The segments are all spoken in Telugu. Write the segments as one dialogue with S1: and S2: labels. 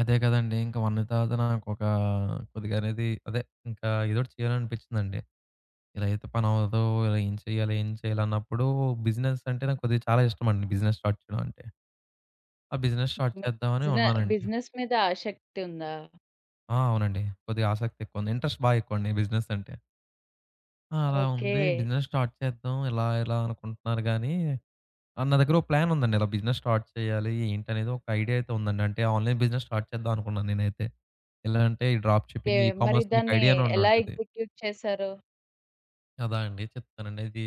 S1: అదే కదండీ! ఇంకా వన్నీతతనా నాకొక కొద్దిగా అనేది అదే ఇంకా ఏదో ఒకటి చేయాలని అనిపిచ్చిందండి. ఇలా అయితే పని అవ్వదు ఏం చేయాలి, ఏం చేయాలి, అన్నప్పుడు బిజినెస్ అంటే నాకు కొద్దిగా చాలా ఇష్టమండి. బిజినెస్ స్టార్ట్ చేయడం అంటే, ఆ బిజినెస్ స్టార్ట్
S2: మీకు
S1: చేద్దామని అని
S2: బిజినె
S1: ఉన్నానండి.
S2: బిజినెస్ మీద ఆసక్తుందా?
S1: ఆ! అవునండి. కొద్దిగా ఆసక్తి ఎక్కువ ఉంది. ఇంట్రెస్ట్ బా ఎక్కువండి బిజినెస్ అంటే. ఆ! అలా ఉంది.
S2: ఓకే.
S1: బిజినెస్ స్టార్ట్ చేద్దాం ఇలా ఇలా అనుకుంటున్నాను గాని, ఆ నా దగ్గర ఒక ప్లాన్ ఉందండి. ఇలా బిజినెస్ స్టార్ట్ చెయ్యాలి ఏంటి అనేది, ఒక ఐడియా అయితే ఉందండి. అంటే, ఆన్‌లైన్ బిజినెస్ స్టార్ట్ చేద్దాం అనుకున్నాను నేనైతే. ఎలాగంటే ఈ డ్రాప్ షిప్పింగ్ ఈ
S2: కేం మరి
S1: కామర్స్ మీకు
S2: దాన్ని
S1: ఐడియానే
S2: ఎలా
S1: ఉండుంటది.
S2: ఎగ్జిక్యూట్ చేసారు?
S1: కదా అండి చెప్తానండి. ఇది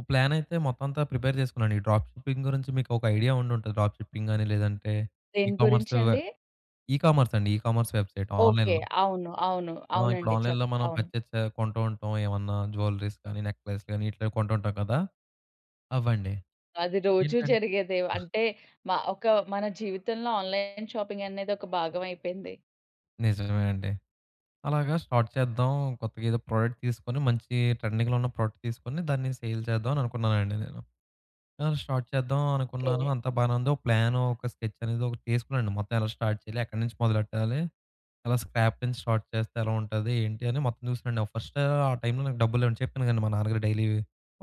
S1: ఓహ్! ప్లానయితే మొత్తం అంతా ప్రిపేర్ చేసుకున్నానండి. ఈ డ్రాప్ షిప్పింగ్ గురించి మీకు ఒక ఐడియా ఉండుంటది డ్రాప్ షిప్పింగ్ అని, లేదంటే ఈ
S2: దేని
S1: కామర్స్
S2: గురించండి?
S1: ఈ కామర్స్ అండి ఈ కామర్స్ వెబ్‌సైట్‌
S2: ఓకే.
S1: ఆన్‌లైన్‌లో.
S2: అవును. అవును.
S1: ఆ! ఇప్పుడు
S2: అవునండి. చేప్
S1: ఆన్‌లైన్‌లో మనం
S2: అవును.
S1: పర్చస్ చే కొంటూ ఉంటాం. ఏమన్నా జ్యువెల్లరీస్ గాని, నెక్లెస్ గాని ఇట్లా కొంటూ ఉంటాం కదా! అవ్వండి.
S2: అది రోజూ
S1: ఏంటంట్
S2: జరిగేదే. అంటే మా ఒక మన జీవితంలో ఆన్‌లైన్ షాపింగనేది ఒక భాగం అయిపోయింది.
S1: నిజమే అండి. అలాగా స్టార్ట్ చేద్దాం, కొత్తగేదో ప్రొడక్ట్ తీసుకొని, మంచి ట్రెండింగ్‌లో ఉన్న ప్రొడక్ట్ తీసుకొని, దాన్ని సేల్ చేద్దాం అని అనుకున్నానండి నేను. ఆ! స్టార్ట్ చేద్దాం అనుకున్నాను,
S2: కే
S1: అంతా బానే ఉందో ఒక ప్లాను ఒక స్కెచ్ అనేది ఒకటి తీసుకున్నాండి మొత్తం ఎలా స్టార్ట్ చేయాలి, ఎక్కడి నుంచి మొదలెట్టాలి, ఎలా స్క్రాప్ నుంచి స్టార్ట్ చేస్తే ఎలా ఉంటది, ఏంటి అని మొత్తం చూసానండి. ఫస్టు, ఆ టైంలో నాకు డబ్బులు లేవండి. చెప్పాను కదండి మా నాన్నగారు డైలీ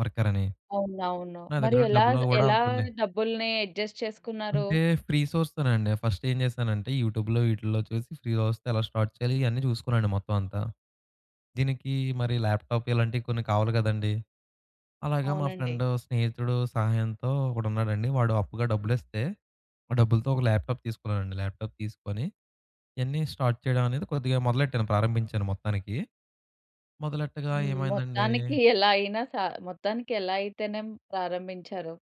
S1: వర్కర్ అని,
S2: అవునవును.
S1: నా
S2: మరి
S1: దగ్గర
S2: ఎలా
S1: డబ్బులు కూడా
S2: ఎలా
S1: అంతుండే
S2: డబ్బుల్ని అడ్జస్ట్ చేసుకున్నారు?
S1: అంటే, ఫ్రీసోర్స్ తోనే అండి. ఫస్ట్ ఏం చేశానంటే యూట్యూబ్‌లో, వీటిల్లో చూసి, ఫ్రీ‌గా వస్తే, ఎలా స్టార్ట్ చేయాలి ఇయన్నీ చూసుకునానండి మొత్తం అంతా. దీనికి మరి ల్యాప్‌టాప్‌‍ ఇలాంటియి కొన్ని కావాలి కదండీ. అలాగే మా
S2: అవునండి.
S1: ఫ్రెండ్, స్నేహితుడు సహాయంతో ఒకడు ఉన్నాడండి, వాడు అప్పుగా డబ్బులు ఇస్తే, ఆ డబ్బులతో ఒక ల్యాప్‌టాప్‌‍ తీసుకున్నానండి. ల్యాప్‌టాప్‌‍ తీసుకొని, ఇయన్నీ స్టార్ట్ చేయడం అనేది కొద్దిగా మొదలెట్టాను, ప్రారంభించాను మొత్తానికి. మొదలెట్టుగా
S2: హ్మ్. మొత్తానికి
S1: ఏమైందండి
S2: ఎలా అయినా సా మొత్తానికెలా అయితేనేం ప్రారంభించారు.